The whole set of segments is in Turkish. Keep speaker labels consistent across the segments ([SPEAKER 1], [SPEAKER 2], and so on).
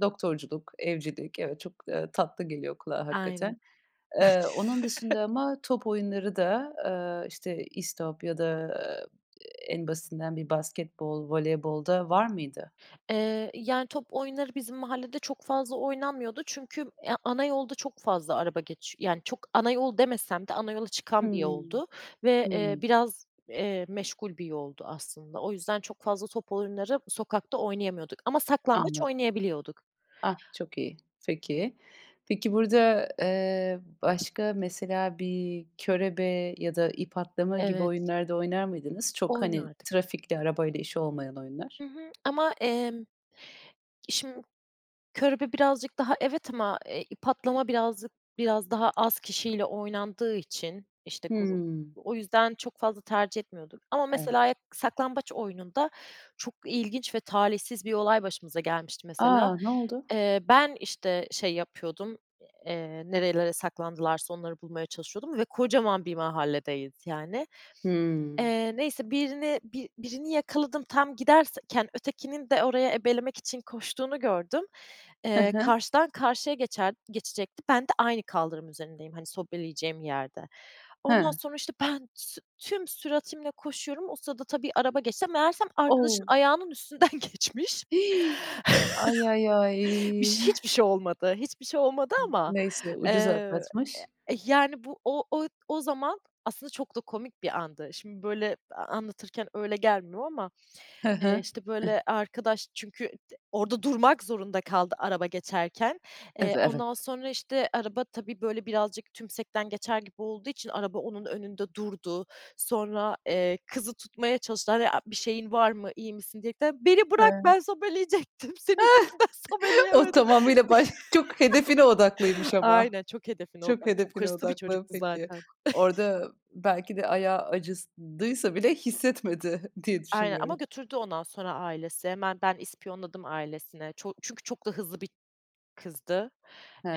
[SPEAKER 1] Doktorculuk, evcilik, evet, çok, ııı, tatlı geliyor kulağa
[SPEAKER 2] Aynen.
[SPEAKER 1] hakikaten. Eee, onun dışında ama top oyunları da, ııı, işte, istop ya da, eee, en basitinden bir basketbol, voleybol da var mıydı?
[SPEAKER 2] Eee, yani top oyunları bizim mahallede çok fazla oynanmıyordu çünkü, eee, ana yolda çok fazla araba geçi Yani çok ana yol demesem de ana yola çıkan bir
[SPEAKER 1] Hımm,
[SPEAKER 2] yoldu ve, eee,
[SPEAKER 1] hımm.
[SPEAKER 2] biraz, eee, meşgul bir yoldu aslında. O yüzden çok fazla top oyunları sokakta oynayamıyorduk ama saklambaç
[SPEAKER 1] Anladım.
[SPEAKER 2] oynayabiliyorduk.
[SPEAKER 1] Ah, çok iyi. Peki. Peki burada, eee, başka mesela bir körebe ya da ip atlama gibi
[SPEAKER 2] Evet.
[SPEAKER 1] oyunlar da oynar mıydınız? Çok hani
[SPEAKER 2] Oynardık.
[SPEAKER 1] trafikle, arabayla işi olmayan oyunlar.
[SPEAKER 2] Hı hı, ama, emm, şim körebe birazcık daha evet ama, eee, ip atlama birazcık biraz daha az kişiyle oynandığı için, işte grup,
[SPEAKER 1] Hımm.
[SPEAKER 2] o yüzden çok fazla tercih etmiyorduk ama
[SPEAKER 1] Evet.
[SPEAKER 2] mesela saklambaç oyununda çok ilginç ve talihsiz bir olay başımıza gelmişti mesela.
[SPEAKER 1] A, ne oldu?
[SPEAKER 2] Eee, ben işte şey yapıyordum, eee, nerelere saklandılarsa onları bulmaya çalışıyordum ve kocaman bir mahalledeyiz yani.
[SPEAKER 1] Hımm.
[SPEAKER 2] Eee, neyse birini bi birini yakaladım, tam giderken ötekinin de orayı ebelemek için koştuğunu gördüm,
[SPEAKER 1] He
[SPEAKER 2] eee,
[SPEAKER 1] he.
[SPEAKER 2] karşıdan karşıya geçen geçecekti, ben de aynı kaldırım üzerindeyim hani sobeleyeceğim yerde. Ondan
[SPEAKER 1] Hıı.
[SPEAKER 2] sonra işte ben tü tüm süratimle koşuyorum. O sırada tabii araba geçti meğersem arkadaşın
[SPEAKER 1] O!
[SPEAKER 2] ayağının üstünden geçmiş.
[SPEAKER 1] Hi! Ay, ay, ay!
[SPEAKER 2] Bir ş hiçbir şey olmadı. Hiçbir şey olmadı ama,
[SPEAKER 1] Neyse, ucuz
[SPEAKER 2] eee,
[SPEAKER 1] atlatmış.
[SPEAKER 2] yani bu o o o zaman aslında çok da komik bir andı. Şimdi böyle a anlatırken öyle gelmiyor ama,
[SPEAKER 1] He
[SPEAKER 2] eee,
[SPEAKER 1] he,
[SPEAKER 2] işte
[SPEAKER 1] eh
[SPEAKER 2] böyle arkadaş çünkü d orada durmak zorunda kaldı araba geçerken,
[SPEAKER 1] Ed
[SPEAKER 2] eee,
[SPEAKER 1] evet.
[SPEAKER 2] ondan sonra işte araba tabii böyle birazcık tümsekten geçer gibi olduğu için araba onun önünde durdu sonra, eee, kızı tutmaya çalıştılar a "Bir şeyin var mı, iyi misin?" diyerekten. "Beni bırak,
[SPEAKER 1] [unintelligible]
[SPEAKER 2] ben sobeleyecektim, senin yüzünden
[SPEAKER 1] O
[SPEAKER 2] sobeleyemedim."
[SPEAKER 1] tamamıyla baş çok hedefine odaklıymış ama.
[SPEAKER 2] Aynen, çok hedefine
[SPEAKER 1] Çok
[SPEAKER 2] odaklı, çok
[SPEAKER 1] hedefine
[SPEAKER 2] hırslı bir
[SPEAKER 1] odaklı
[SPEAKER 2] çocuktu
[SPEAKER 1] peki.
[SPEAKER 2] zaten.
[SPEAKER 1] Orada belki de ayağı acıdıysa bile hissetmedi diye
[SPEAKER 2] Aynen ama
[SPEAKER 1] düşünüyorum.
[SPEAKER 2] götürdü ondan sonra ailesi. Hemen ben ispiyonladım ailesine. Ço çünkü çok da hızlı bir kızdı.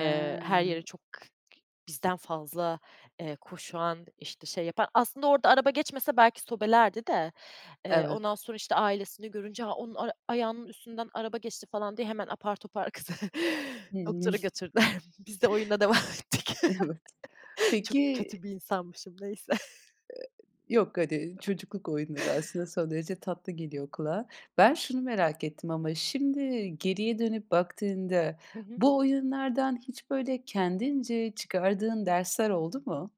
[SPEAKER 2] Eee, her yere çok k k bizden fazla, eee, koşan, işte şey yapan. Aslında orada araba geçmese belki sobelerdi de, eee,
[SPEAKER 1] Evet.
[SPEAKER 2] ondan sonra, işte, ailesini görünce, “A, onun ar ayağının üstünden araba geçti.” falan diye hemen apar topar kızı doktora
[SPEAKER 1] [unintelligible]
[SPEAKER 2] götürdüler. Biz de oyuna devam ettik.
[SPEAKER 1] Evet,
[SPEAKER 2] Çok
[SPEAKER 1] peki
[SPEAKER 2] kötü bir insanmışım, neyse.
[SPEAKER 1] E e yok hadi çocukluk oyunları aslında son derece tatlı geliyor kulağa. Ben şunu merak ettim ama şimdi geriye dönüp baktığında
[SPEAKER 2] Hı hı.
[SPEAKER 1] bu oyunlardan hiç böyle kendince çıkardığın dersler oldu mu?